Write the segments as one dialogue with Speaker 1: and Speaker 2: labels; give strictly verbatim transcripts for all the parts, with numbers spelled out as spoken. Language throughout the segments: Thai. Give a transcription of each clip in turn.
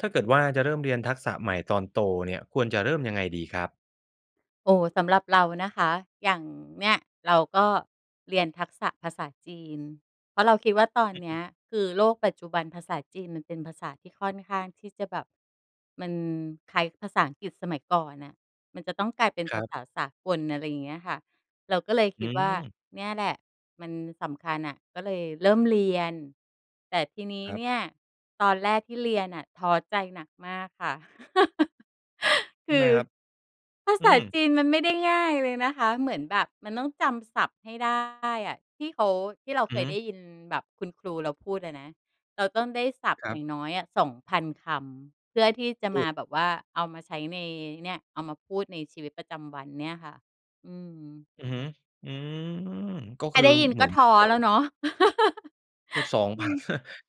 Speaker 1: ถ้าเกิดว่าจะเริ่มเรียนทักษะใหม่ตอนโตเนี่ย ควรจะเริ่มยังไงดีครับ?
Speaker 2: โอ้ สำหรับเรานะคะ อย่างเนี่ยเราก็เรียนทักษะภาษาจีน เพราะเราคิดว่า ตอน
Speaker 1: อ
Speaker 2: เนี้
Speaker 1: ือ
Speaker 2: ยคือโลกปัจจุบันภาษาจีนมันเป็นภาษาที่ค่อนข้างที่จะแบบ มันคล้ายภาษาอังกฤษสมัยก่อนน่ะ มันจะต้องกลายเป็น
Speaker 1: ค
Speaker 2: ภ
Speaker 1: ร
Speaker 2: า
Speaker 1: ับ
Speaker 2: ษาสากล อะไรอย่างเงี้ยค่ะ เราก็เลยค
Speaker 1: อื
Speaker 2: ิดว่า
Speaker 1: ม
Speaker 2: เนี่ยแหละ มันสำคัญน่ะ ก็เลยเริ่มเรียน แต่ทีนี้
Speaker 1: ครั
Speaker 2: เ
Speaker 1: บ
Speaker 2: นี่ย ตอนแรกที่เรียนน่ะท้อใจหนักมากค่ะ
Speaker 1: ท
Speaker 2: ค
Speaker 1: ำ
Speaker 2: ื
Speaker 1: ไม
Speaker 2: อ
Speaker 1: ครับ?
Speaker 2: ภา
Speaker 1: อ
Speaker 2: ษ
Speaker 1: ื
Speaker 2: า
Speaker 1: อ
Speaker 2: จีนมันไม่ได้ง่ายเลยนะคะ เหมือนแบบมันต้องจำศัพท์ให้ได้อะ ที่เขา ที่เรา
Speaker 1: อ
Speaker 2: เ
Speaker 1: ื
Speaker 2: ค
Speaker 1: อฮ
Speaker 2: ยได
Speaker 1: ึ
Speaker 2: ้ยินแบบคุณครูเราพูดอะนะ เราต้องได้ศัพท
Speaker 1: ค
Speaker 2: ์
Speaker 1: รั
Speaker 2: อย่
Speaker 1: บ
Speaker 2: างน้อยอะ สองพัน คำ เพื่อที่จะ
Speaker 1: โ
Speaker 2: ม
Speaker 1: อ้!
Speaker 2: าแบบว่าเอามาใช้ใน เนี่ย เอามาพูดในชีวิตประจำวันเนี่ยค่ะ อืม
Speaker 1: อือฮึ อืม ก็
Speaker 2: แ
Speaker 1: ค
Speaker 2: ค่
Speaker 1: ือ
Speaker 2: ได้ยิน
Speaker 1: เห
Speaker 2: ก
Speaker 1: มื
Speaker 2: ็
Speaker 1: อน
Speaker 2: ท้
Speaker 1: กั
Speaker 2: อ
Speaker 1: บ
Speaker 2: แล้วเนาะ
Speaker 1: พูด สอง
Speaker 2: อ
Speaker 1: พ
Speaker 2: ื
Speaker 1: ัน
Speaker 2: อ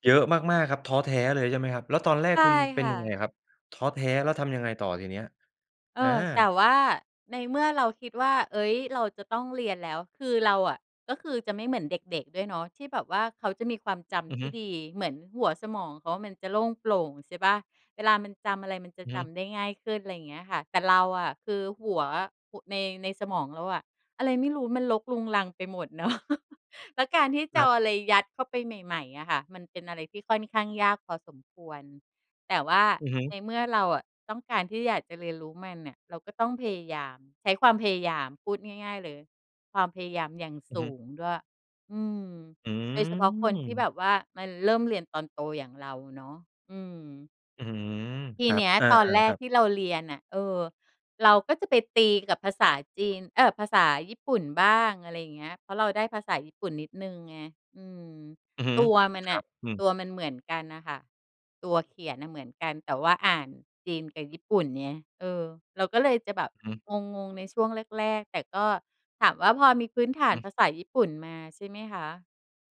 Speaker 1: เยอะมาก ๆ ครับ ท้อแท้เลยใช่ไหมครับ? แล้วตอนแรก
Speaker 2: ใช่
Speaker 1: คุณเป
Speaker 2: ค
Speaker 1: ็น
Speaker 2: ่ะ
Speaker 1: ยังไงอะครับ? ท้อแท้แล้วทำยังไงต่อทีเนี้ย?
Speaker 2: เอ
Speaker 1: อา
Speaker 2: อ แต่ว่าในเมื่อเราคิดว่า เฮ้ย! เราจะต้องเรียนแล้ว คือเราอะ ก็คือจะไม่เหมือนเด็ก ๆ ด้วยเนาะ ที่แบบว่าเขาจะมีความจ
Speaker 1: อื
Speaker 2: ำท
Speaker 1: อฮ
Speaker 2: ี
Speaker 1: ึ
Speaker 2: ่ดี เหมือนหัวสมองเขามันจะโล่งโปร่ง ใช่เปล่า เวลามันจำอะไรมันจะ
Speaker 1: อือ
Speaker 2: จ
Speaker 1: ฮึ
Speaker 2: ำได้ง่ายขึ้น อะไรอย่างเงี้ยค่ะ แต่เราอะคือหัวใน ในสมองเราอะ อะไรไม่รู้มันรกรุงรังไปหมด เนาะ แล้วการที่จ
Speaker 1: ค
Speaker 2: ะ
Speaker 1: ร
Speaker 2: เอ
Speaker 1: ั
Speaker 2: า
Speaker 1: บ
Speaker 2: อะไรยัดเข้าไปใหม่ ๆ อะค่ะ มันเป็นอะไรที่ค่อนข้างยากพอสมควร แต่ว่า
Speaker 1: อือฮึ
Speaker 2: ในเมื่อเราอะต้องการที่อยากจะเรียนรู้มันน่ะ เราก็ต้องพยายาม ใช้ความพยายามพูดง่าย ๆ เลย ความพยายามอย่าง
Speaker 1: อื
Speaker 2: ส
Speaker 1: อฮ
Speaker 2: ู
Speaker 1: ึ
Speaker 2: งด้วย อืม
Speaker 1: อื
Speaker 2: โดยเฉพาะคนที่แบ
Speaker 1: ม
Speaker 2: บว่า มันเริ่มเรียนตอนโตอย่างเราเนาะ อือ
Speaker 1: อื้อฮือ
Speaker 2: ท
Speaker 1: ค
Speaker 2: ี
Speaker 1: รั
Speaker 2: เน
Speaker 1: บ
Speaker 2: ี้ย
Speaker 1: อา
Speaker 2: ตอนแร
Speaker 1: ๆ ค
Speaker 2: ก
Speaker 1: รับ
Speaker 2: ที่เราเรียนอะ เออ เราก็จะไปตีกับภาษาจีน เออ! ภาษาญี่ปุ่นบ้าง อะไรอย่างเงี้ย เพราะเราได้ภาษาญี่ปุ่นนิดหนึ่งไง อืม
Speaker 1: อือฮึ
Speaker 2: ตัวมัน
Speaker 1: ค
Speaker 2: อ
Speaker 1: รั
Speaker 2: ะ
Speaker 1: บ อืม
Speaker 2: ตัวมันเหมือนกันน่ะค่ะ ตัวเขียนน่ะเหมือนกัน แต่ว่าอ่านจีนกับญี่ปุ่นไง เออ เราก็เลยจะแบบ
Speaker 1: อือฮึ
Speaker 2: งง ๆ ในช่วงแรก ๆ แต่ก็ ถามว่าพอมีพื้นฐ
Speaker 1: อื
Speaker 2: าน
Speaker 1: อฮ
Speaker 2: ภ
Speaker 1: ึ
Speaker 2: าษาญี่ปุ่นมาใช่ไหมคะ?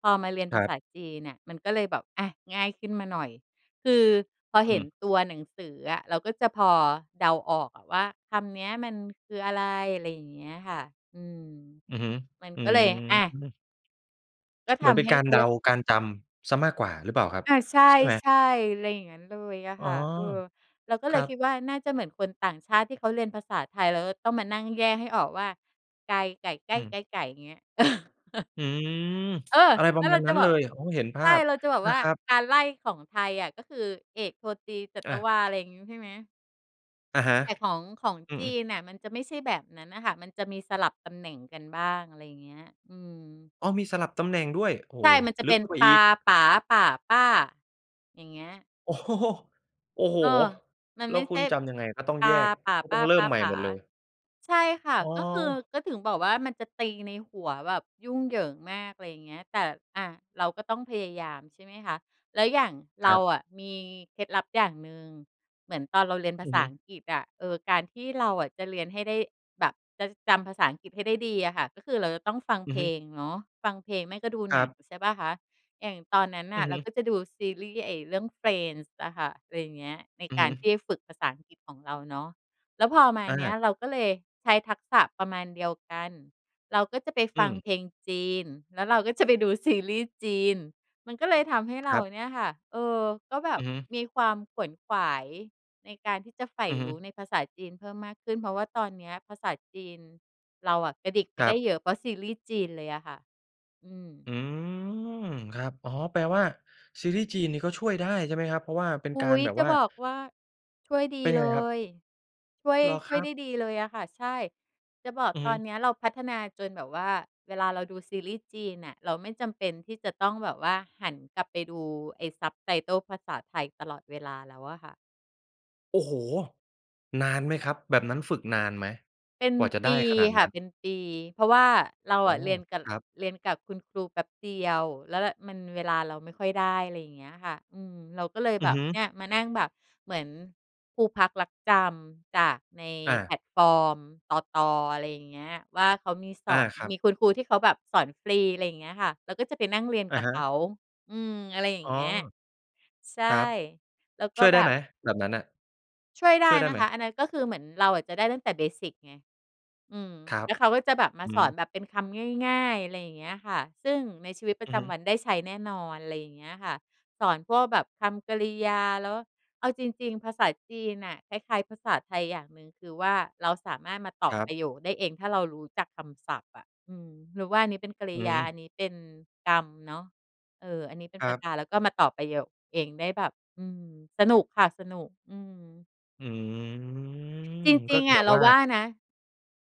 Speaker 2: พอมาเรียน
Speaker 1: ค
Speaker 2: ภ
Speaker 1: ร
Speaker 2: า
Speaker 1: ั
Speaker 2: ษ
Speaker 1: บ
Speaker 2: าจีนน่ะมันก็เลยแบบ อะ ง่ายขึ้นมาหน่อย คือพอ
Speaker 1: อ
Speaker 2: เห
Speaker 1: ื
Speaker 2: ็น
Speaker 1: ม
Speaker 2: ตัวหนังสืออะ เราก็จะพอเดาออกอะว่าคำเนี้ยมันคืออะไร อะไรอย่างเงี้ยค่ะ อืม
Speaker 1: อือฮึ
Speaker 2: มัน
Speaker 1: อื
Speaker 2: ก็เลย อา
Speaker 1: ม
Speaker 2: ก็
Speaker 1: เห
Speaker 2: ท
Speaker 1: มือนเป
Speaker 2: ำ
Speaker 1: ็
Speaker 2: ใ
Speaker 1: น
Speaker 2: ห้
Speaker 1: กา
Speaker 2: เ
Speaker 1: ร
Speaker 2: ขา
Speaker 1: เ
Speaker 2: เ
Speaker 1: ด
Speaker 2: รี
Speaker 1: า
Speaker 2: ยก
Speaker 1: การจำ เสียมากกว่าหรือเปล่าครับ?
Speaker 2: อา ใช
Speaker 1: ใช่ไหม?
Speaker 2: ่ ๆ อะไรอย่างงั้นเลยอะ
Speaker 1: อ๋
Speaker 2: ค
Speaker 1: อ
Speaker 2: ่ะ เออ เราก็
Speaker 1: ค
Speaker 2: เล
Speaker 1: ร
Speaker 2: ย
Speaker 1: ั
Speaker 2: คิ
Speaker 1: บ
Speaker 2: ดว่า น่าจะเหมือนคนต่างชาติที่เขาเรียนภาษาไทย แล้วก็ต้องมานั่งแยกให้ออกว่าไก ไก่ ไก
Speaker 1: อ
Speaker 2: ้
Speaker 1: ื
Speaker 2: ไก
Speaker 1: ม
Speaker 2: ๊ ไก๋ เงี้ย
Speaker 1: อื้อฮือ
Speaker 2: เออ!
Speaker 1: อะไรป
Speaker 2: แล
Speaker 1: ร
Speaker 2: ้
Speaker 1: ะ
Speaker 2: ว
Speaker 1: ม
Speaker 2: เ
Speaker 1: า
Speaker 2: รา
Speaker 1: ณ
Speaker 2: จ
Speaker 1: นั
Speaker 2: ะ
Speaker 1: ้น
Speaker 2: บ
Speaker 1: เล
Speaker 2: อก
Speaker 1: ย โอ้ เห็นภ
Speaker 2: ใช
Speaker 1: า
Speaker 2: ่
Speaker 1: พ
Speaker 2: เราจะบอก
Speaker 1: น
Speaker 2: ว
Speaker 1: ะ
Speaker 2: ่า
Speaker 1: ครับ
Speaker 2: การไล่ของไทยอะก็คือ เอก โท ตรี จั
Speaker 1: อ
Speaker 2: ต
Speaker 1: ่
Speaker 2: วา อ
Speaker 1: า
Speaker 2: ะไรอย่างงี้ ใช่ไหม?
Speaker 1: อะฮะ
Speaker 2: แต่ของ ของ
Speaker 1: อื
Speaker 2: จี
Speaker 1: อ ๆ
Speaker 2: นเนี่ย มันจะไม่ใช่แบบนั้นน่ะค่ะ มันจะมีสลับตำแหน่งกันบ้าง อะไรอย่างเงี้ย อืม
Speaker 1: อ้อ มีสลับตำแหน่งด้วย โอ้
Speaker 2: ใ
Speaker 1: โ
Speaker 2: ช
Speaker 1: ฮ
Speaker 2: ่ มันจะ
Speaker 1: ล
Speaker 2: เ
Speaker 1: ึ
Speaker 2: ป
Speaker 1: ก
Speaker 2: ็น
Speaker 1: เข้าไป
Speaker 2: ปา
Speaker 1: อีก
Speaker 2: ป๋า ป่า ป้า อย่างเงี้ย
Speaker 1: โอ้โฮ โอ้โฮ
Speaker 2: เออ มัน
Speaker 1: แล
Speaker 2: ไ
Speaker 1: ้
Speaker 2: ม
Speaker 1: ว
Speaker 2: ่ใ
Speaker 1: คุ
Speaker 2: ช
Speaker 1: ณ
Speaker 2: ่
Speaker 1: จำยังไง ก็ต้อง
Speaker 2: ป
Speaker 1: แย
Speaker 2: า
Speaker 1: ก
Speaker 2: ป่า
Speaker 1: ก็
Speaker 2: ป
Speaker 1: ต้อ
Speaker 2: ้า
Speaker 1: งเริ่
Speaker 2: ป๊
Speaker 1: ม
Speaker 2: า
Speaker 1: ใหม่
Speaker 2: ป๋
Speaker 1: หม
Speaker 2: า
Speaker 1: ดเลย?
Speaker 2: ใช่ค่ะ
Speaker 1: อ๋อ
Speaker 2: ก็คือ ก็ถึงบอกว่ามันจะตีในหัวแบบยุ่งเหยิงมาก อะไรอย่างเงี้ย แต่ อ่า เราก็ต้องพยายามใช่ไหมคะ แล้วอย่าง เ
Speaker 1: ค
Speaker 2: ร
Speaker 1: ร
Speaker 2: า
Speaker 1: ับ
Speaker 2: อะมีเคล็ดลับอย่างหนึ่ง เหมือนตอนเราเรียนภ
Speaker 1: อื
Speaker 2: า
Speaker 1: อ
Speaker 2: ษ
Speaker 1: ฮ
Speaker 2: า
Speaker 1: ึ
Speaker 2: อังกฤษอะ เออ การที่เราอะจะเรียนให้ได้แบบจะจำภาษาอังกฤษให้ได้ดีอะค่ะ ก็คือเราจะต้องฟัง
Speaker 1: อ
Speaker 2: เ
Speaker 1: ื
Speaker 2: พ
Speaker 1: อ
Speaker 2: ล
Speaker 1: ฮึ
Speaker 2: งเนาะ ฟังเพลง ไม่ก็ดู
Speaker 1: คร
Speaker 2: หน
Speaker 1: ั
Speaker 2: ั
Speaker 1: บ
Speaker 2: ง ใช่เปล่าคะ อย่างตอนนั้นน
Speaker 1: อ
Speaker 2: ่
Speaker 1: ื
Speaker 2: ะ
Speaker 1: อ
Speaker 2: เ
Speaker 1: ฮ
Speaker 2: รา
Speaker 1: ึ
Speaker 2: ก็จะดูซีรีส์ ไอ้เรื่อง "Friends" อะค่ะ อะไรอย่างเงี้ย ใน
Speaker 1: อือ
Speaker 2: ก
Speaker 1: ฮ
Speaker 2: ารท
Speaker 1: ึ
Speaker 2: ี่ฝึกภาษาอังกฤษของเราเนาะ แล้วพอมา
Speaker 1: อ
Speaker 2: เนี้ย
Speaker 1: า
Speaker 2: เราก็เลยใช้ทักษะประมาณเดียวกัน เราก็จะไป
Speaker 1: อ
Speaker 2: ฟัง
Speaker 1: ืม
Speaker 2: เพลงจีน แล้วเราก็จะไปดูซีรีส์จีน มันก็เลยทำให้
Speaker 1: ค
Speaker 2: เรา
Speaker 1: รับ
Speaker 2: เนี่ยค่ะ เออ ก็แบ
Speaker 1: อ
Speaker 2: บ
Speaker 1: ือฮึ
Speaker 2: มีความขวนขวายในการที่จะใฝ่
Speaker 1: อือฮ
Speaker 2: ร
Speaker 1: ึ
Speaker 2: ู้ในภาษาจีนเพิ่มมากขึ้น เพราะว่าตอนเนี้ยภาษาจีนเราอะกระดิกไป
Speaker 1: คร
Speaker 2: ได
Speaker 1: ั
Speaker 2: ้
Speaker 1: บ
Speaker 2: เยอะ เพราะซีรีส์จีนเลยอะค่ะ อืม
Speaker 1: อืม ครับ อ๋อ แปลว่าซีรีส์จีนนี่ก็ช่วยได้ใช่ไหมครับ เพราะว่าเป็น
Speaker 2: อุ
Speaker 1: กา
Speaker 2: ๊
Speaker 1: ร
Speaker 2: ย
Speaker 1: แบบ
Speaker 2: จะ
Speaker 1: ว่า
Speaker 2: บอกว่า ช่วยดี
Speaker 1: เป็นยั
Speaker 2: เ
Speaker 1: ง
Speaker 2: ล
Speaker 1: ไงครับ?
Speaker 2: ย ช่วย
Speaker 1: เหรอ
Speaker 2: ช
Speaker 1: ค
Speaker 2: ่
Speaker 1: ร
Speaker 2: วย
Speaker 1: ั
Speaker 2: ไ
Speaker 1: บ?
Speaker 2: ด้ดีเลยอะค่ะ ใช่ จะบอก
Speaker 1: อือฮ
Speaker 2: ตอ
Speaker 1: ึ
Speaker 2: นเนี้ยเราพัฒนาจนแบบว่า เวลาเราดูซีรีส์จีนน่ะ เราไม่จำเป็นที่จะต้องแบบว่าหันกลับไปดูไอ้ subtitle ภาษาไทยตลอดเวลาแล้วอะค่ะ
Speaker 1: โอ้โฮ! นานไหมครับ? แบบนั้นฝึกนานไหม?
Speaker 2: เป็น
Speaker 1: กว่าจะ
Speaker 2: ป
Speaker 1: ได
Speaker 2: ี
Speaker 1: ้ขนาด
Speaker 2: ค
Speaker 1: น
Speaker 2: ่
Speaker 1: ั
Speaker 2: ะ
Speaker 1: ้น
Speaker 2: เป็นปี เพราะว่าเรา
Speaker 1: อ๋อ
Speaker 2: อะเรียนกับ
Speaker 1: ครับ
Speaker 2: เรียนกับคุณครูแป๊บเดียว แล้วและ มันเวลาเราไม่ค่อยได้ อะไรอย่างเงี้ยค่ะ อืม เราก็เลย
Speaker 1: อ
Speaker 2: แ
Speaker 1: ื
Speaker 2: บ
Speaker 1: อฮ
Speaker 2: บ
Speaker 1: ึ
Speaker 2: เนี่ย มานั่งแบบเหมือนครูพักลักจำจากใน
Speaker 1: อ
Speaker 2: แพ
Speaker 1: า
Speaker 2: ลตฟอร์มตต. อะไรอย่างเงี้ย ว่าเขามีส
Speaker 1: อ
Speaker 2: อ
Speaker 1: า
Speaker 2: น
Speaker 1: ครั
Speaker 2: มี
Speaker 1: บ
Speaker 2: คุณครูที่เขาแบบสอนฟรี อะไรอย่างเงี้ยค่ะ เราก็จะไปนั่งเรียน
Speaker 1: อ
Speaker 2: ก
Speaker 1: ะ
Speaker 2: ับ
Speaker 1: ฮ
Speaker 2: เข
Speaker 1: ะ
Speaker 2: า อือ อะไรอย่า
Speaker 1: อ
Speaker 2: ง
Speaker 1: ๋อ
Speaker 2: เงี้ย ใช่
Speaker 1: ครับ
Speaker 2: แล้วก
Speaker 1: ช
Speaker 2: ็
Speaker 1: ่วยไ
Speaker 2: แ
Speaker 1: ด
Speaker 2: บ
Speaker 1: ้ไห
Speaker 2: บ
Speaker 1: ม แบบนั้นน่ะ
Speaker 2: ช่วยได
Speaker 1: ช
Speaker 2: ้
Speaker 1: ่วยได้
Speaker 2: น
Speaker 1: ไ
Speaker 2: ะ
Speaker 1: หม?
Speaker 2: คะ อันนั้นก็คือเหมือนเราอะจะได้ตั้งแต่ เบสิก ไง อืม
Speaker 1: ครั
Speaker 2: แ
Speaker 1: บ
Speaker 2: ล้วเขาก็จะแบบม
Speaker 1: อ
Speaker 2: า
Speaker 1: ือ
Speaker 2: ส
Speaker 1: ฮ
Speaker 2: อ
Speaker 1: ึ
Speaker 2: นแบบเป็นคำง่าย ๆ อะไรอย่างเงี้ยค่ะ ซึ่งในชีวิตปร
Speaker 1: อ
Speaker 2: ะ
Speaker 1: ื
Speaker 2: จ
Speaker 1: อฮึ
Speaker 2: ำวันได้ใช้แน่นอน อะไรอย่างเงี้ยค่ะ สอนพวกแบบคำกริยา แล้ว เอาจริง ๆ ภาษาจีนน่ะ คล้าย ๆ ภาษาไทยอย่างหนึ่ง คือว่าเราสามารถมาต่อ
Speaker 1: ครั
Speaker 2: ป
Speaker 1: บ
Speaker 2: ระโยคได้เอง ถ้าเรารู้จักคำศัพท์อะ อืม รู้ว่าอันนี้เป็นกร
Speaker 1: อ
Speaker 2: ิ
Speaker 1: ื
Speaker 2: ยา
Speaker 1: อ
Speaker 2: อันนี้เป็นกรรมเนาะ เออ อันนี้เป็น
Speaker 1: ค
Speaker 2: ป
Speaker 1: รั
Speaker 2: ระ
Speaker 1: บ
Speaker 2: ธาน แล้วก็มาต่อประโยคเองได้แบบ อืม สนุกค่ะสนุก อือ
Speaker 1: อืม
Speaker 2: จ
Speaker 1: ก
Speaker 2: ร
Speaker 1: ็
Speaker 2: ิง ๆ อ
Speaker 1: แบ
Speaker 2: ะ
Speaker 1: บ
Speaker 2: เร
Speaker 1: ว
Speaker 2: า
Speaker 1: ่า
Speaker 2: ว่านะ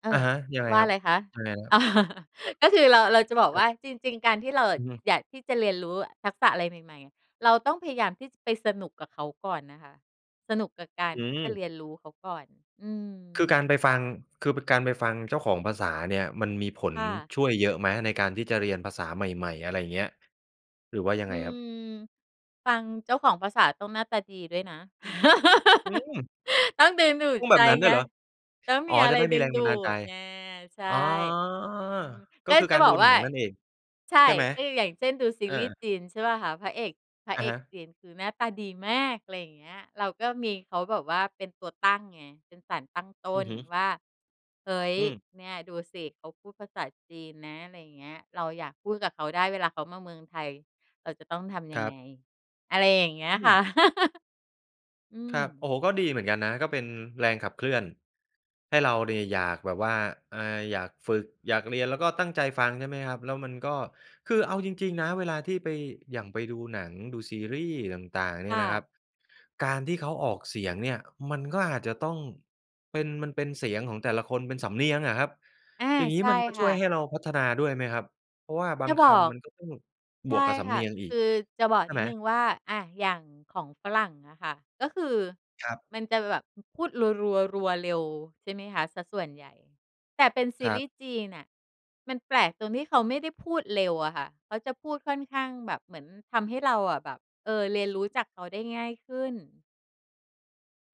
Speaker 2: เอ
Speaker 1: อะ
Speaker 2: อ
Speaker 1: ฮะ ยังไง
Speaker 2: ว่า
Speaker 1: คร
Speaker 2: อ
Speaker 1: ับ
Speaker 2: ะไรคะ
Speaker 1: ยังไงนะ ครับ
Speaker 2: ก็คือเรา เราจะบอก
Speaker 1: คร
Speaker 2: ว
Speaker 1: ับ
Speaker 2: ่าจริง ๆ การที่เราอ
Speaker 1: อ
Speaker 2: ะ
Speaker 1: ือฮึ
Speaker 2: อยากที่จะเรียนรู้ทักษะอะไรใหม่ ๆ อะ เราต้องพยายามที่จะไปสนุกกับเขาก่อนนะคะ สนุกกับกา
Speaker 1: อ
Speaker 2: ร
Speaker 1: ื
Speaker 2: ที่จะ
Speaker 1: ม
Speaker 2: เรียนรู้เขาก่อน อื
Speaker 1: คือ
Speaker 2: ม
Speaker 1: การไปฟัง คือเป็นการไปฟังเจ้าของภาษาเนี่ย มันมีผล
Speaker 2: ค่ะ
Speaker 1: ช่วยเยอะไหมในการที่จะเรียนภาษาใหม่ ๆ อะไรอย่างเงี้ย หรือว่ายัง
Speaker 2: อ
Speaker 1: ไ
Speaker 2: ื
Speaker 1: งครับ?
Speaker 2: ม ฟังเจ้าของภาษาต้องหน้าตาดีด้วยนะ
Speaker 1: อืม
Speaker 2: ต้องดึงดู
Speaker 1: พ
Speaker 2: ด
Speaker 1: ูดแบ
Speaker 2: ใจ
Speaker 1: บนั้นด้
Speaker 2: ไ
Speaker 1: ว
Speaker 2: ง
Speaker 1: ยเหรอ
Speaker 2: ต้อง
Speaker 1: อ
Speaker 2: ม
Speaker 1: ๋
Speaker 2: ี
Speaker 1: อ
Speaker 2: อะ
Speaker 1: จ
Speaker 2: ไ
Speaker 1: ะ
Speaker 2: ร
Speaker 1: ได้ม
Speaker 2: ด
Speaker 1: ี
Speaker 2: ึ
Speaker 1: แ
Speaker 2: ง
Speaker 1: รง
Speaker 2: ด
Speaker 1: บ
Speaker 2: ู
Speaker 1: ันดาลใจ
Speaker 2: ดไง ใช่
Speaker 1: อ๋อ
Speaker 2: อืม
Speaker 1: ก็
Speaker 2: ก็
Speaker 1: คือ
Speaker 2: จ
Speaker 1: ก
Speaker 2: ะ
Speaker 1: าร
Speaker 2: บ
Speaker 1: ดู
Speaker 2: อกว
Speaker 1: หน
Speaker 2: ่
Speaker 1: ั
Speaker 2: า
Speaker 1: งนั่นเอง
Speaker 2: ใช
Speaker 1: ใ
Speaker 2: ่
Speaker 1: ช่ไหม?
Speaker 2: ก็ดู อย่างเช่น ดูซี
Speaker 1: อ
Speaker 2: รีส์
Speaker 1: า
Speaker 2: จีนใช่เปล่าคะ พระเอก พระ
Speaker 1: อ
Speaker 2: เ
Speaker 1: ะ
Speaker 2: อ
Speaker 1: ฮ
Speaker 2: ก
Speaker 1: ะ
Speaker 2: จีนคือหน้าตาดีมาก อะไรอย่างเงี้ย เราก็มี เขาแบบว่าเป็นตัวตั้งไง เป็นสารตั้งต้
Speaker 1: อือ
Speaker 2: น
Speaker 1: ฮึ
Speaker 2: ว่า เฮ้ย
Speaker 1: อืม
Speaker 2: เนี่ยดูสิเขาพูดภาษาจีนนะ อะไรอย่างเงี้ย เราอยากพูดกับเขาได้เวลาเขามาเมืองไทย เราจะต้องทำ
Speaker 1: ค
Speaker 2: ยั
Speaker 1: ร
Speaker 2: ง
Speaker 1: ั
Speaker 2: ไง
Speaker 1: บ
Speaker 2: อะไรอย่างเงี้ย
Speaker 1: อื
Speaker 2: ค่ะ
Speaker 1: ม
Speaker 2: อื
Speaker 1: ครับ โอ
Speaker 2: ม
Speaker 1: ้โฮ ก็ดีเหมือนกันนะ ก็เป็นแรงขับเคลื่อนให้เราเนี่ยอยากแบบว่า อ่า อยากฝึก อยากเรียนแล้วก็ตั้งใจฟังใช่ไหมครับ แล้วมันก็ คือเอาจริง ๆ นะเวลาที่ไป อย่างไปดูหนัง ดูซีรีส์ต่าง ๆ เนี
Speaker 2: ค
Speaker 1: ่
Speaker 2: ่
Speaker 1: ยนะครั
Speaker 2: ะ
Speaker 1: บ การที่เขาออกเสียงเนี่ยมันก็อาจจะต้องเป็น มันเป็นเสียงของแต่ละคนเป็นสำเนียงอะครับ
Speaker 2: อา
Speaker 1: อย่างงี
Speaker 2: ใ
Speaker 1: ้
Speaker 2: ช่
Speaker 1: มันก็
Speaker 2: ค
Speaker 1: ช
Speaker 2: ่
Speaker 1: ่วย
Speaker 2: ะ
Speaker 1: ให้เราพัฒนาด้วยไหมครับ? เพราะว่าบา
Speaker 2: จะ
Speaker 1: งค
Speaker 2: บอก
Speaker 1: ำมันก็ต้อง
Speaker 2: ใ
Speaker 1: บ
Speaker 2: ช่
Speaker 1: วกกับส
Speaker 2: ค
Speaker 1: ำเ
Speaker 2: ่
Speaker 1: น
Speaker 2: ะ
Speaker 1: ียงอี
Speaker 2: ค
Speaker 1: ก
Speaker 2: ือจะบอก
Speaker 1: ใช่
Speaker 2: นิ
Speaker 1: ไ
Speaker 2: ด
Speaker 1: หม?
Speaker 2: หนึ่งว่า อา อย่างของฝรั่งอะค่ะ ก็คือ
Speaker 1: ครับ
Speaker 2: มันจะแบบพูดรัว ๆ รัวเร็วใช่ไหมคะเสียส่วนใหญ่ แต่เป็นซ
Speaker 1: ค
Speaker 2: ี
Speaker 1: ร
Speaker 2: ร
Speaker 1: ั
Speaker 2: ี
Speaker 1: บ
Speaker 2: ส์จีนน่ะมันแปลกตรงที่เขาไม่ได้พูดเร็วอะค่ะ เขาจะพูดค่อนข้างแบบเหมือนทำให้เราอะแบบ เออ เรียนรู้จากเขาได้ง่ายขึ้น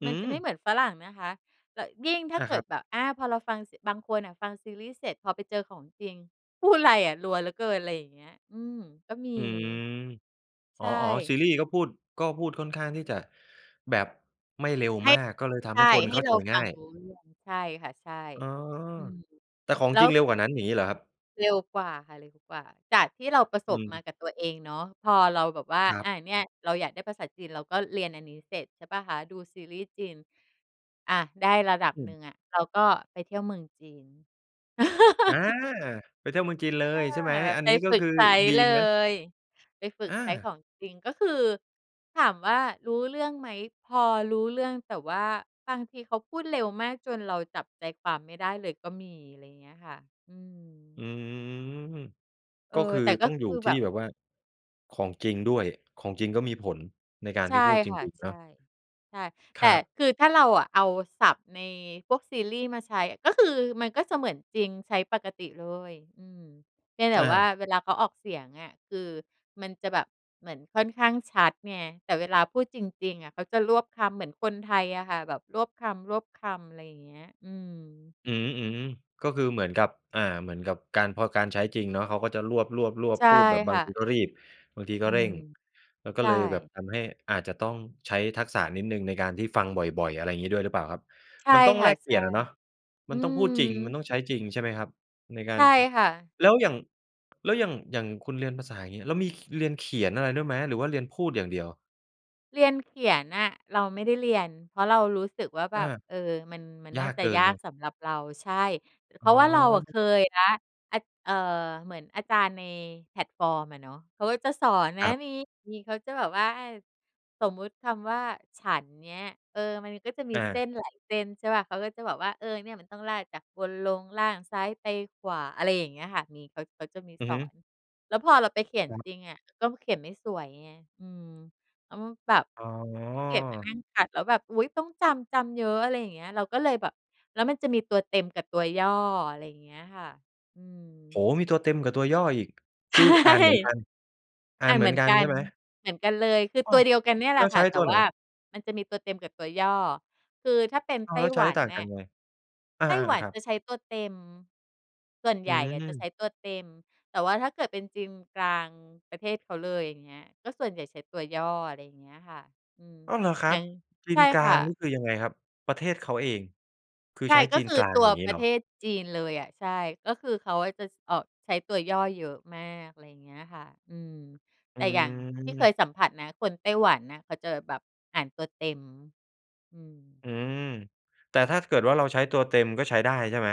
Speaker 1: อื
Speaker 2: มันจะไม่
Speaker 1: อ
Speaker 2: เหมือนฝรั่งนะคะ ต ยิ่งถ้
Speaker 1: อ
Speaker 2: า
Speaker 1: า
Speaker 2: เก
Speaker 1: ค
Speaker 2: ิ
Speaker 1: รั
Speaker 2: ด
Speaker 1: บ
Speaker 2: แบบ อา พอเราฟัง ส บางคนน่ะฟังซีรีส์เสร็จ พอไปเจอของจริง พูดไรอะ รัวเหลือเกิน อะไรอย่างเงี้ย อืม ก็ม
Speaker 1: อ
Speaker 2: ี
Speaker 1: ืม อ
Speaker 2: ใช
Speaker 1: ๋อ ๆ ซ
Speaker 2: ่
Speaker 1: ีรีส์ก็พูด ก็พูดค่อนข้างที่จะแบบไม่เร็ว
Speaker 2: ให้
Speaker 1: มาก ก็เลยท
Speaker 2: ใ
Speaker 1: ำ
Speaker 2: ช
Speaker 1: ให้
Speaker 2: ่
Speaker 1: คน
Speaker 2: ให
Speaker 1: เ
Speaker 2: ้
Speaker 1: ข้า
Speaker 2: เ
Speaker 1: ใ
Speaker 2: ร
Speaker 1: จ
Speaker 2: าฟ
Speaker 1: ง่
Speaker 2: ั
Speaker 1: า
Speaker 2: ง
Speaker 1: ย
Speaker 2: รู้เรื่อง ใช่ค่ะ ใช่
Speaker 1: อ๋อ
Speaker 2: อืม
Speaker 1: แต่ของ
Speaker 2: แล้
Speaker 1: จร
Speaker 2: ว
Speaker 1: ิงเร็
Speaker 2: ค
Speaker 1: วกว่านั้น อย่างงี้เหรอครับ?
Speaker 2: เร็วกว่าค่ะ เร็วกว่า จากที่เราประส
Speaker 1: อื
Speaker 2: บมา
Speaker 1: ม
Speaker 2: กับตัวเองเนาะ พอเราแบบว่า
Speaker 1: ครั
Speaker 2: อ
Speaker 1: บ
Speaker 2: า เนี่ย เราอยากได้ภาษาจีน เราก็เรียนอันนี้เสร็จใช่เปล่าคะ ดูซีรีส์จีน อา ได้ระดับ
Speaker 1: อื
Speaker 2: ห
Speaker 1: อ
Speaker 2: นึ่งอะ เราก็ไปเที่ยวเมืองจีน
Speaker 1: อา ไปเที่ยวเมืองจีนเล
Speaker 2: อ
Speaker 1: ยใช่ไหม?
Speaker 2: า
Speaker 1: อัน
Speaker 2: ไป
Speaker 1: นี้ก็
Speaker 2: ฝึ
Speaker 1: ค
Speaker 2: ก
Speaker 1: ือ
Speaker 2: ใช้
Speaker 1: ดี
Speaker 2: เล
Speaker 1: ไหม?
Speaker 2: ย ไปฝึก
Speaker 1: อ
Speaker 2: ใช้ข
Speaker 1: า
Speaker 2: องจริง ก็คือถามว่ารู้เรื่องไหม พอรู้เรื่องแต่ว่าบางทีเขาพูดเร็วมากจนเราจับใจความไม่ได้เลยก็มี อะไรเงี้ยค่ะ อื
Speaker 1: อ
Speaker 2: ม
Speaker 1: ืม
Speaker 2: เอ
Speaker 1: ก
Speaker 2: อ
Speaker 1: ็คือ
Speaker 2: แต่ก็
Speaker 1: ต้อง
Speaker 2: ค
Speaker 1: อยู่
Speaker 2: ือ
Speaker 1: ท
Speaker 2: แ
Speaker 1: ี
Speaker 2: บ
Speaker 1: ่
Speaker 2: บ
Speaker 1: แบบว่า ของจริงด้วย ของจริงก็มีผลในการ
Speaker 2: ใช
Speaker 1: ท
Speaker 2: ่
Speaker 1: ี่พูดจ
Speaker 2: ค่ะ
Speaker 1: ริง ๆ
Speaker 2: ใ
Speaker 1: เ
Speaker 2: ช
Speaker 1: นา
Speaker 2: ่
Speaker 1: ะ
Speaker 2: ใช่ แ
Speaker 1: ค
Speaker 2: ต่
Speaker 1: รับ
Speaker 2: คือถ้าเราเอาศัพท์ในพวกซีรีส์มาใช้ ก็คือมันก็จะเหมือนจริง ใช้ปกติเลย อืม เพียงแต่
Speaker 1: อ
Speaker 2: ว่า
Speaker 1: า
Speaker 2: เวลาเขาออกเสียงอะ คือมันจะแบบ เหมือนค่อนข้างชัดไง แต่เวลาพูดจริง ๆ อะเขาจะรวบคำเหมือนคนไทยอะค่ะ แบบรวบคำ รวบคำ อะไรเงี้ย อืม
Speaker 1: อือฮึ ๆ ก็คือเหมือนกับ อา เหมือนกับการ พอการใช้จริงเนาะ เขาก็จะรวบ
Speaker 2: ใช
Speaker 1: ๆ
Speaker 2: ่
Speaker 1: ๆ พูดแบบบ
Speaker 2: ค
Speaker 1: า
Speaker 2: ่
Speaker 1: งท
Speaker 2: ะ
Speaker 1: ีก็รีบ บางที
Speaker 2: อ
Speaker 1: ก็
Speaker 2: ื
Speaker 1: เร่
Speaker 2: ม
Speaker 1: ง แล้วก็
Speaker 2: ใช
Speaker 1: เลยแบบ
Speaker 2: ่
Speaker 1: ทำให้อาจจะต้องใช้ทักษะนิดหนึ่งในการที่ฟังบ่อย ๆ อะไรอย่างงี้ด้วยหรือเปล่าครับ
Speaker 2: ใช่
Speaker 1: มันต้อง
Speaker 2: ค
Speaker 1: แ
Speaker 2: ่
Speaker 1: ล
Speaker 2: ะ
Speaker 1: กเป
Speaker 2: ใช
Speaker 1: ลี่
Speaker 2: ่
Speaker 1: ยนอะเนาะ ม
Speaker 2: อ
Speaker 1: ั
Speaker 2: ื
Speaker 1: นต้องพูดจริง มัน
Speaker 2: ม
Speaker 1: ต้องใช้จริง ใช่ไหมครับ ในกา
Speaker 2: ใช
Speaker 1: ร
Speaker 2: ่
Speaker 1: ช
Speaker 2: ค่ะ
Speaker 1: แล้วอย่าง แล้วอย่าง อย่างคุณเรียนภาษา อย่างเงี้ย แล้วมี ข เรียนเขียนอะไรด้วยไหม หรือว่าเรียนพูดอย่างเดียว?
Speaker 2: เรียนเขียนอะเราไม่ได้เรียน เพราะเรารู้สึกว่าแบ
Speaker 1: อา
Speaker 2: บ เออ มัน มัน
Speaker 1: ย
Speaker 2: น
Speaker 1: า
Speaker 2: ่า
Speaker 1: ก
Speaker 2: จ
Speaker 1: เ
Speaker 2: ะ
Speaker 1: กิน
Speaker 2: ยา
Speaker 1: คร
Speaker 2: ก
Speaker 1: ับ
Speaker 2: สำหรับเรา ใช่ อ เ
Speaker 1: อ
Speaker 2: พร
Speaker 1: ๋
Speaker 2: า
Speaker 1: อ
Speaker 2: ะว่าเราอะเคยแล้ว อ เอ่อ เหมือนอาจารย์ในแพลตฟอร์มอะเนาะ เขาก็จะสอนนะ
Speaker 1: ครับ
Speaker 2: มี มี เขาจะแบบว่า อ่า สมมติคำว่า "ฉัน" เงี้ย เออ มันก็จะมี
Speaker 1: อ
Speaker 2: เส้
Speaker 1: า
Speaker 2: นหลายเส้นใช่เปล่า เขาก็จะบอกว่า "เออ เนี่ยมันต้องลากจากบนลงล่าง ซ้ายไปขวา" อะไรอย่างเงี้ยค่ะ มี เขา เขาจะมี
Speaker 1: อือ
Speaker 2: ส
Speaker 1: ฮ
Speaker 2: อ
Speaker 1: ึ
Speaker 2: น แล้วพอเราไปเขียนจริงอะ ก็เขียนไม่สวยไง อืม แล้ว ม แบบ
Speaker 1: อ๋
Speaker 2: ขี้เกียจมานั
Speaker 1: อ
Speaker 2: ่งคัด แล้วแบบ อุ๊ย ต้องจำ จำเยอะ อะไรอย่างเงี้ย เราก็เลยแบบ แล้วมันจะมีตัวเต็มกับตัวย่อ อะไรอย่างเงี้ยค่ะ อื
Speaker 1: โอ้
Speaker 2: อ
Speaker 1: โฮ มีตัวเต็มกับตัวย่ออีก
Speaker 2: ใ
Speaker 1: ค
Speaker 2: ช
Speaker 1: ื
Speaker 2: ่
Speaker 1: ออ่านเหมือนกัน อ่า
Speaker 2: อา
Speaker 1: นเหม
Speaker 2: เหม
Speaker 1: ือ
Speaker 2: ื
Speaker 1: น
Speaker 2: อน
Speaker 1: กัน
Speaker 2: กั
Speaker 1: ใช
Speaker 2: น
Speaker 1: ่ไหม?
Speaker 2: เหมือนกันเลย คือ
Speaker 1: อ้
Speaker 2: ต
Speaker 1: า
Speaker 2: ั
Speaker 1: ว
Speaker 2: วเดียวกันเนี่ยแ
Speaker 1: แ
Speaker 2: หล
Speaker 1: ล้
Speaker 2: ะ
Speaker 1: ว
Speaker 2: ค
Speaker 1: ใช
Speaker 2: ่ะ
Speaker 1: ้
Speaker 2: แต
Speaker 1: ต
Speaker 2: ่
Speaker 1: ัวไ
Speaker 2: ว
Speaker 1: หน?
Speaker 2: ่ามันจะมีตัวเต็มกับตัวย่อ คือถ้าเป็น
Speaker 1: อ้า
Speaker 2: ไต
Speaker 1: ว แ
Speaker 2: ้
Speaker 1: ล้วใช
Speaker 2: หว
Speaker 1: ้
Speaker 2: ัน
Speaker 1: ต่าง
Speaker 2: น
Speaker 1: กั
Speaker 2: ่
Speaker 1: น
Speaker 2: ะ
Speaker 1: ยังไง? อา
Speaker 2: ไต้หวั
Speaker 1: ๆ
Speaker 2: น
Speaker 1: ครั
Speaker 2: จ
Speaker 1: บ
Speaker 2: ะใช้ตัวเต็ม ส่วนใ
Speaker 1: อื
Speaker 2: หญ่อะจะใ
Speaker 1: อ
Speaker 2: ช้ตัวเต็ม แต่ว่าถ้าเกิดเป็นจีนกลาง ประเทศเขาเลย อย่างเงี้ย ก็ส่วนใหญ่ใช้ตัวย่อ อะไรอย่างเงี้ยค่ะ อืม
Speaker 1: อ้อ เหรอครั
Speaker 2: หนึ
Speaker 1: บ?
Speaker 2: ่ง
Speaker 1: จี
Speaker 2: ใช
Speaker 1: น
Speaker 2: ่
Speaker 1: กล
Speaker 2: ค
Speaker 1: า
Speaker 2: ่
Speaker 1: งน
Speaker 2: ะ
Speaker 1: ี่คือยังไงครับ ประเทศเขาเอง คือ
Speaker 2: ใช่
Speaker 1: ใช้
Speaker 2: ก็
Speaker 1: จีน
Speaker 2: คื
Speaker 1: ก
Speaker 2: อ
Speaker 1: ลาง
Speaker 2: ตัว
Speaker 1: อย่างงี้
Speaker 2: ปร
Speaker 1: เ
Speaker 2: ะ
Speaker 1: หร
Speaker 2: เ
Speaker 1: อ?
Speaker 2: ทศจีนเลยอะ ใช่ ก็คือเขาอะจะ ส ออก ใช้ตัวย่อเยอะมาก อะไรอย่างเงี้ยค่ะ อืม แ
Speaker 1: อื
Speaker 2: ต่อย่างที่เค
Speaker 1: อ
Speaker 2: ยสัมผัสนะ คนไต้หวันน่ะเขาเจอ แบบอ่านตัวเต็ม อืม
Speaker 1: อือ แต่ถ้าเกิดว่าเราใช้ตัวเต็ม ก็ใช้ได้ใช่ไหม?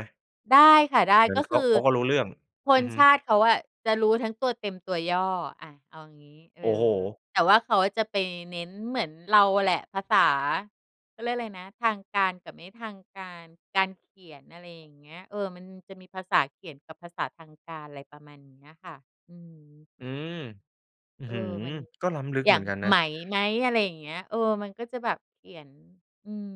Speaker 2: ได้ค่ะ ได้
Speaker 1: เหมือ
Speaker 2: ก
Speaker 1: น
Speaker 2: ็
Speaker 1: เข
Speaker 2: ค
Speaker 1: า
Speaker 2: ือ
Speaker 1: เขาก็รู้เรื่อง
Speaker 2: ค
Speaker 1: อื
Speaker 2: น
Speaker 1: อฮึ
Speaker 2: ชาติเขาอะจะรู้ทั้งตัวเต็มตัวย่อ อา เอางี้ เอ
Speaker 1: โอ้โฮ!
Speaker 2: อ แต่ว่าเขาจะไปเน้นเหมือนเราแหละ ภาษา เขาเรียกอะไรนะ ทางการกับไม่ทางการ การเขียน อะไรอย่างเงี้ย เออ มันจะมีภาษาเขียนกับภาษาทางการ ไรประมาณนี้อะค่ะ อืม
Speaker 1: อืม! อือ
Speaker 2: เออ
Speaker 1: ฮึ
Speaker 2: มัน
Speaker 1: ก็ล้ำลึก
Speaker 2: อย
Speaker 1: เ
Speaker 2: ่
Speaker 1: หม
Speaker 2: า
Speaker 1: ือ
Speaker 2: ง
Speaker 1: นกันน
Speaker 2: "ไ
Speaker 1: ะ
Speaker 2: หม" "มั้ย" อะไรอย่างเงี้ย เออ มันก็จะแบบเขียน อืม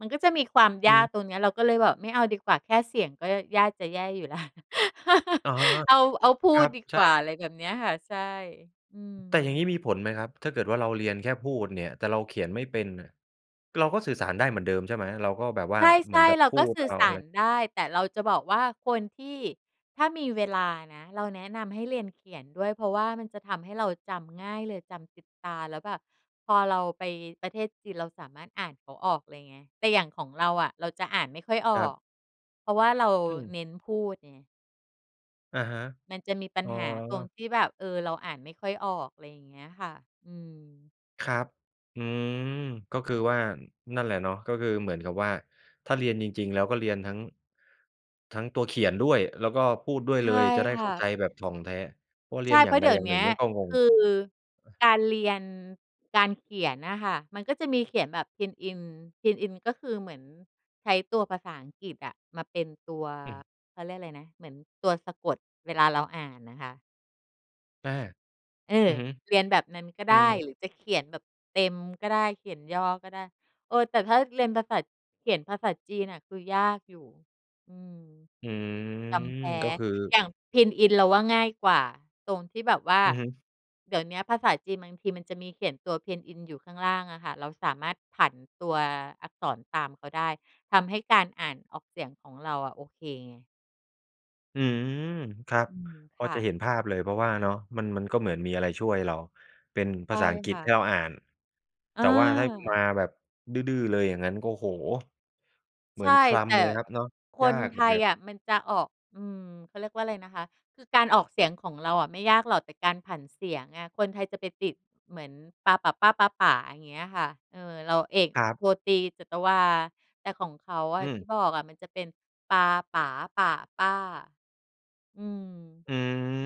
Speaker 2: มันก็จะมีความ
Speaker 1: อ
Speaker 2: ยาก
Speaker 1: ืม
Speaker 2: ตรงเนี้ย เราก็เลยแบบไม่เอาดีกว่าแค่เสียงก็ยากจะแย่อยู่แล้ว
Speaker 1: อะฮะ
Speaker 2: เอา เอาพ
Speaker 1: ค
Speaker 2: ู
Speaker 1: รั
Speaker 2: ด
Speaker 1: บ
Speaker 2: ดี
Speaker 1: ใช
Speaker 2: กว่า
Speaker 1: ่
Speaker 2: อะไรแบบเนี้ยค่ะ ใช่ อื
Speaker 1: แต่อย่าง
Speaker 2: ม
Speaker 1: งี้มีผลไหมครับ? ถ้าเกิดว่าเราเรียนแค่พูดเนี่ย แต่เราเขียนไม่เป็นน่ะ เราก็สื่อสารได้เหมือนเดิมใช่ไหม? เราก็แบบว่
Speaker 2: ใ
Speaker 1: าเห
Speaker 2: ช
Speaker 1: มือ
Speaker 2: ่
Speaker 1: นกับ
Speaker 2: ๆ เรา
Speaker 1: พู
Speaker 2: ก็
Speaker 1: ด
Speaker 2: สื
Speaker 1: เ
Speaker 2: ่
Speaker 1: อ
Speaker 2: อ
Speaker 1: า
Speaker 2: ส
Speaker 1: อ
Speaker 2: า
Speaker 1: ะไ
Speaker 2: ร
Speaker 1: ร
Speaker 2: ได้ แต่เราจะบอกว่า คนที่ ถ้ามีเวลานะ เราแนะนำให้เรียนเขียนด้วย เพราะว่ามันจะทำให้เราจำง่ายเลย จำติดตา แล้วแบบพอเราไปประเทศจีนเราสามารถอ่านเขาออกเลยไง แต่อย่างของเราอะเราจะอ่านไม่ค่อยอ
Speaker 1: คร
Speaker 2: อ
Speaker 1: ับ
Speaker 2: ก เพราะว่าเรา
Speaker 1: อืม
Speaker 2: เน้นพูดไง
Speaker 1: อะฮะ
Speaker 2: มันจะมีปั
Speaker 1: อ
Speaker 2: ญ
Speaker 1: ๋อ
Speaker 2: หาตรงที่แบบ เออ เราอ่านไม่ค่อยออก อะไรอย่างเงี้ยค่ะ อืม
Speaker 1: ครับ อืม ก็คือว่า นั่นแหละเนาะ ก็คือเหมือนกับว่าถ้าเรียนจริง ๆ แล้วก็เรียนทั้ง ทั้งตัวเขียนด้วย แล้วก็พูดด้วย
Speaker 2: ใช
Speaker 1: เล
Speaker 2: ่
Speaker 1: ย จะได้
Speaker 2: ค
Speaker 1: เ
Speaker 2: ่
Speaker 1: ข้า
Speaker 2: ะ
Speaker 1: ใจแบบถ่องแท้ว่าเร
Speaker 2: ใช
Speaker 1: ีย
Speaker 2: ่
Speaker 1: นอ
Speaker 2: เ
Speaker 1: ย
Speaker 2: พ
Speaker 1: ่
Speaker 2: ร
Speaker 1: า
Speaker 2: า
Speaker 1: ง
Speaker 2: ะ
Speaker 1: ใ
Speaker 2: เ
Speaker 1: ด
Speaker 2: ดี๋ย
Speaker 1: อ
Speaker 2: ว
Speaker 1: ย่าง
Speaker 2: เน
Speaker 1: ห
Speaker 2: ี
Speaker 1: น
Speaker 2: ้
Speaker 1: ึ่ง
Speaker 2: ย
Speaker 1: เนี่ยก็ง
Speaker 2: ค
Speaker 1: ง
Speaker 2: ือ
Speaker 1: อา
Speaker 2: การเรียน การเขียนน่ะค่ะ มันก็จะมีเขียนแบบพินอิน พินอินก็คือเหมือนใช้ตัวภาษาอังกฤษอะมาเป็นตัว
Speaker 1: อืม
Speaker 2: เขาเรียกอะไรนะ เหมือนตัวสะกดเวลาเราอ่านน่ะค่ะ
Speaker 1: อา
Speaker 2: เอ
Speaker 1: อื
Speaker 2: อ
Speaker 1: อฮึ
Speaker 2: เรียนแบบนั้นก็
Speaker 1: อื
Speaker 2: ได้
Speaker 1: ม
Speaker 2: หรือจะเขียนแบบเต็มก็ได้ เขียนย่อก็ได้ เออ แต่ถ้าเรียนภาษา เขียนภาษาจีนน่ะคือยากอยู่ อืม
Speaker 1: อื
Speaker 2: จ
Speaker 1: ม
Speaker 2: ำ แพ้
Speaker 1: ก็คือ
Speaker 2: อย่างพินอินเราว่าง่ายกว่าตรงที่แบบว่า
Speaker 1: อือฮึ
Speaker 2: เดี๋ยวเนี้ยภาษาจีนบางทีมันจะมีเขียนตัวพินอินอยู่ข้างล่างอะค่ะ เราสามารถผันตัวอักษรตามเขาได้ ทำให้การอ่านออกเสียงของเราอะโอเคไง
Speaker 1: อืม ครับ
Speaker 2: อืม
Speaker 1: พ
Speaker 2: ค
Speaker 1: อ
Speaker 2: ่
Speaker 1: จะ
Speaker 2: ะ
Speaker 1: เห็นภาพเลย เพราะว่าเนาะมัน มันก็เหมือนมีอะไรช่วยเรา เป็น
Speaker 2: ใ
Speaker 1: ภ
Speaker 2: ช
Speaker 1: า
Speaker 2: ่
Speaker 1: ษาอังกฤ
Speaker 2: ค
Speaker 1: ษ
Speaker 2: ่
Speaker 1: ให้เร
Speaker 2: ะ
Speaker 1: าอ่าน
Speaker 2: อ
Speaker 1: แต่ว่าถ้ามา
Speaker 2: า
Speaker 1: แบบดื้อ ๆ เลยอย่างงั้นก็ โอ้โฮ เห
Speaker 2: ใ
Speaker 1: มื
Speaker 2: ช
Speaker 1: อ
Speaker 2: ่
Speaker 1: นคล
Speaker 2: แต่
Speaker 1: ำเลยครับเนาะ
Speaker 2: ค
Speaker 1: ยา
Speaker 2: น
Speaker 1: กเ
Speaker 2: ไ
Speaker 1: หม
Speaker 2: ท
Speaker 1: ือน
Speaker 2: ย
Speaker 1: กั
Speaker 2: อ
Speaker 1: น
Speaker 2: ะมันจะออก อืม เขาเรียกว่าอะไรนะคะ คือการออกเสียงของเราอะไม่ยากหรอก แต่การผันเสียงอะ คนไทยจะไปติดเหมือนปา ป่า ป้า ป๊า ป๋า อย่างเงี้ยค่ะ เออ เรา เอก
Speaker 1: ครับ
Speaker 2: โท ตรี จัตวา แต่ของเขาอ
Speaker 1: อ
Speaker 2: ะ
Speaker 1: ื
Speaker 2: ท
Speaker 1: ม
Speaker 2: ี่บอกอะมันจะเป็นปา ป๋า ป่า ป้า อืม
Speaker 1: อ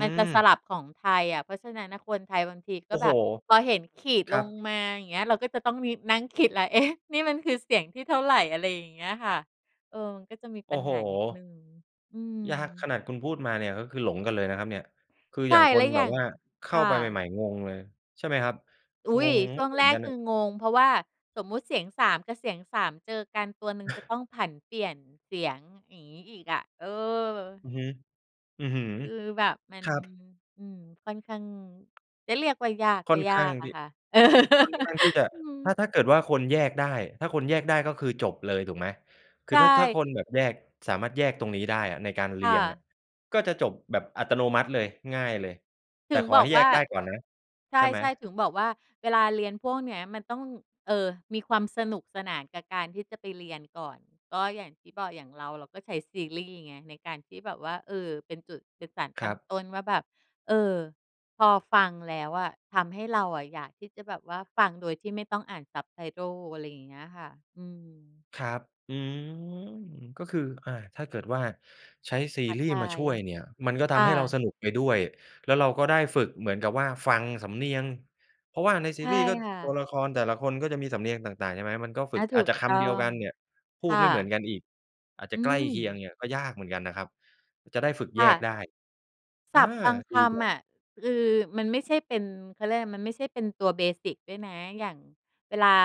Speaker 2: มันจะส
Speaker 1: ม
Speaker 2: ลับของไทยอะ เพราะฉะนั้นน่ะคนไทยบางที
Speaker 1: โ
Speaker 2: ก
Speaker 1: อ
Speaker 2: ็
Speaker 1: ้โ
Speaker 2: แ
Speaker 1: ฮ!
Speaker 2: บบพอเห็นขีด
Speaker 1: คร
Speaker 2: ล
Speaker 1: ับ
Speaker 2: งมา อย่างเงี้ย เราก็จะต้องนิด นั่งคิดละ เอ๊ะ นี่มันคือเสียงที่เท่าไร อะไรอย่างเงี้ยค่ะ เออ ก็จะมี
Speaker 1: โอ
Speaker 2: ป
Speaker 1: ้
Speaker 2: ัญ
Speaker 1: โฮ!
Speaker 2: หานิดหนึ่ง อื
Speaker 1: ยาก ข
Speaker 2: ม
Speaker 1: นาดคุณพูดมาเนี่ยก็คือหลงกันเลยนะครับเนี่ย คือ
Speaker 2: ใช
Speaker 1: อย
Speaker 2: ่
Speaker 1: ่างค
Speaker 2: แล้
Speaker 1: น
Speaker 2: วอ
Speaker 1: แบ
Speaker 2: ย่า
Speaker 1: บ
Speaker 2: ง
Speaker 1: ว่าเข
Speaker 2: ค
Speaker 1: ้า
Speaker 2: ่
Speaker 1: ไปใ
Speaker 2: ะ
Speaker 1: หม่ ๆ งงเลย ใช่ไหมครับ?
Speaker 2: อุ
Speaker 1: ง
Speaker 2: ๊ย!
Speaker 1: ง
Speaker 2: ช
Speaker 1: มั
Speaker 2: ่
Speaker 1: นไม่
Speaker 2: วง
Speaker 1: เหม
Speaker 2: แ
Speaker 1: ื
Speaker 2: ร
Speaker 1: อน
Speaker 2: ก
Speaker 1: กัน
Speaker 2: ค
Speaker 1: อ
Speaker 2: ื
Speaker 1: ะ
Speaker 2: องง เพราะว่าสมมติเสียง สาม กับเสียง สาม เจอกันตัวหนึ่งจะต้องผันเปลี่ยนเสียง อย่างงี้อีกอะ เออ
Speaker 1: อือฮึ อื้อฮือ
Speaker 2: คือแบบมัน
Speaker 1: ครับ
Speaker 2: อืม ค่อนข้าง จะเรียกว่ายาก
Speaker 1: ค
Speaker 2: ก
Speaker 1: ่
Speaker 2: ็
Speaker 1: อน
Speaker 2: ย
Speaker 1: ข
Speaker 2: า
Speaker 1: ้าง
Speaker 2: กอ
Speaker 1: ท
Speaker 2: ะ
Speaker 1: ี่
Speaker 2: ค่ะ
Speaker 1: ค่อนข้างที่จะ
Speaker 2: อื
Speaker 1: ถ้า
Speaker 2: ม
Speaker 1: ถ้าเกิดว่าคนแยกได้ ถ้าคนแยกได้ก็คือจบเลยถูกไหม? ค
Speaker 2: ใ
Speaker 1: ื
Speaker 2: ช
Speaker 1: อถ้า ถ้า
Speaker 2: ่
Speaker 1: คนแบบแยก สามารถแยกตรงนี้ได้อะในการเ
Speaker 2: ค
Speaker 1: รี
Speaker 2: ่
Speaker 1: ยงอะ
Speaker 2: ะ
Speaker 1: ก็จะจบแบบอัตโนมัติเลย ง่ายเลย แ
Speaker 2: ถ
Speaker 1: ต่
Speaker 2: ึง
Speaker 1: ขอ
Speaker 2: บ
Speaker 1: ใ
Speaker 2: อ
Speaker 1: ห
Speaker 2: ก
Speaker 1: ้แ
Speaker 2: ว
Speaker 1: ย
Speaker 2: ่
Speaker 1: ก
Speaker 2: า
Speaker 1: ได้ก่อนนะ
Speaker 2: ใ
Speaker 1: ใช่ไหม?
Speaker 2: ช่ ๆ ถึงบอกว่าเวลาเรียนพวกเนี้ยมันต้อง เออ มีความสนุกสนานกับการที่จะไปเรียนก่อน ก็อย่างที่บอกอย่างเรา เราก็ใช้ซีรีส์ไงในการที่แบบว่า เออ เป็นจุด เป็นสารต
Speaker 1: ค
Speaker 2: ั
Speaker 1: ร
Speaker 2: ้
Speaker 1: ั
Speaker 2: ง
Speaker 1: บ
Speaker 2: ต้นว่าแบบ เออ พอฟังแล้วอะทำให้เราอะอยากที่จะแบบว่าฟังโดยที่ไม่ต้องอ่าน subtitle อะไรอย่างเงี้ยค่ะ อืม
Speaker 1: ครับ อืม ก็คือ อ่า ถ้าเกิดว่าใช้ซี
Speaker 2: ท้า
Speaker 1: รี่
Speaker 2: ท
Speaker 1: ส์มา
Speaker 2: า
Speaker 1: ช
Speaker 2: ย
Speaker 1: ่วยเนี่ยมันก็ท
Speaker 2: ค
Speaker 1: ำ
Speaker 2: ่
Speaker 1: ให้เรา
Speaker 2: ะ
Speaker 1: สนุกไปด้วย แล้วเราก็ได้ฝึกเหมือนกับว่าฟังสำเนียง เพราะว่าใน
Speaker 2: ใ
Speaker 1: ซ
Speaker 2: ช
Speaker 1: ี
Speaker 2: ่
Speaker 1: รีย์ก็
Speaker 2: ค่
Speaker 1: ตัว
Speaker 2: ะ
Speaker 1: ละครแต่ละคนก็จะมีสำเนียงต่าง ๆ ใช่ไหม มันก็ฝ
Speaker 2: อ
Speaker 1: ึ
Speaker 2: า
Speaker 1: ก
Speaker 2: ถู
Speaker 1: อาจ
Speaker 2: ก
Speaker 1: จะค
Speaker 2: ต้อ
Speaker 1: ำเดียวกั
Speaker 2: ง
Speaker 1: นเนี่ย พ
Speaker 2: ค
Speaker 1: ูด
Speaker 2: ่
Speaker 1: ไม่เหมื
Speaker 2: ะ
Speaker 1: อนกันอีก อาจจ
Speaker 2: อ
Speaker 1: ะ
Speaker 2: ื
Speaker 1: ใกล้เคียง
Speaker 2: ม
Speaker 1: เนี่ยก็ยากเหมือนกันนะครับ จะได้ฝึก
Speaker 2: ค
Speaker 1: แย
Speaker 2: ่
Speaker 1: ก
Speaker 2: ะ
Speaker 1: ได้
Speaker 2: ศ
Speaker 1: อา
Speaker 2: ัพท์บางค
Speaker 1: ดีจั
Speaker 2: ำอ
Speaker 1: ง
Speaker 2: ะ คือมันไม่ใช่เป็น เขาเรียกอะไร มันไม่ใช่เป็นตัว เบสิก ด้วยนะ อย่างเวลา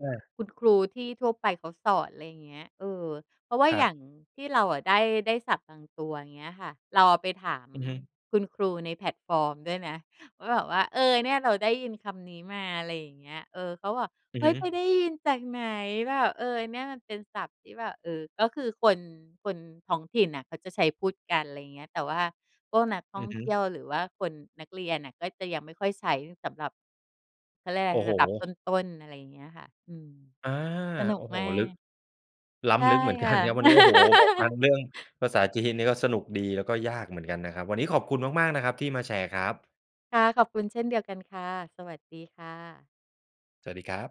Speaker 1: อา
Speaker 2: คุณครูที่ทั่วไปเขาสอน อะไรอย่างเงี้ย เออ เพราะว่า
Speaker 1: คร
Speaker 2: อ
Speaker 1: ั
Speaker 2: ย
Speaker 1: บ
Speaker 2: ่างที่เราอะได้ ได้ศัพท์บางตัว อย่างเงี้ยค่ะ เราเอาไปถาม
Speaker 1: อือฮึ
Speaker 2: คุณครูในแพลตฟอร์มด้วยนะ ก็แบบว่า เออ เนี่ยเราได้ยินคำนี้มา อะไรอย่างเงี้ย เออ เขาบอก
Speaker 1: อื
Speaker 2: "เ
Speaker 1: อ
Speaker 2: ฮ
Speaker 1: ฮ
Speaker 2: ้
Speaker 1: ึ
Speaker 2: ย ไปได้ยินจากไหน" แบบ เออ เนี่ยมันเป็นศัพท์ที่แบบ เอ่อ ก็คือคน คนท้องถิ่นน่ะเขาจะใช้พูดกัน อะไรอย่างเงี้ย แต่ว่าพวกนักท
Speaker 1: อ
Speaker 2: ่
Speaker 1: ื
Speaker 2: อง
Speaker 1: อฮึ
Speaker 2: เที่ยวหรือว่าคน นักเรียนน่ะก็จะยังไม่ค่อยใช้สำหรับ เขาเรียกว่า
Speaker 1: โ
Speaker 2: อ
Speaker 1: อ
Speaker 2: ะไร
Speaker 1: ้โฮ
Speaker 2: ระดับต้น ๆ อะไรอย่างเงี้ยค่ะ อืม
Speaker 1: อา
Speaker 2: สนุ
Speaker 1: โอ
Speaker 2: ก
Speaker 1: ้โฮ
Speaker 2: มา
Speaker 1: ลึก
Speaker 2: ก
Speaker 1: ล้
Speaker 2: ใช่
Speaker 1: ำลึก เหมือน
Speaker 2: ค
Speaker 1: กั
Speaker 2: ่ะ
Speaker 1: นครับ วันนี้ โอ้โฮ พอฟังเรื่องภาษาจีนนี่ก็สนุกดี แล้วก็ยากเหมือนกันนะครับ วันนี้ขอบคุณมาก ๆ นะครับที่มาแชร์ครับ
Speaker 2: ค่ะ ขอบคุณเช่นเดียวกันค่ะ สวัสดีค่ะ
Speaker 1: สวัสดีครับ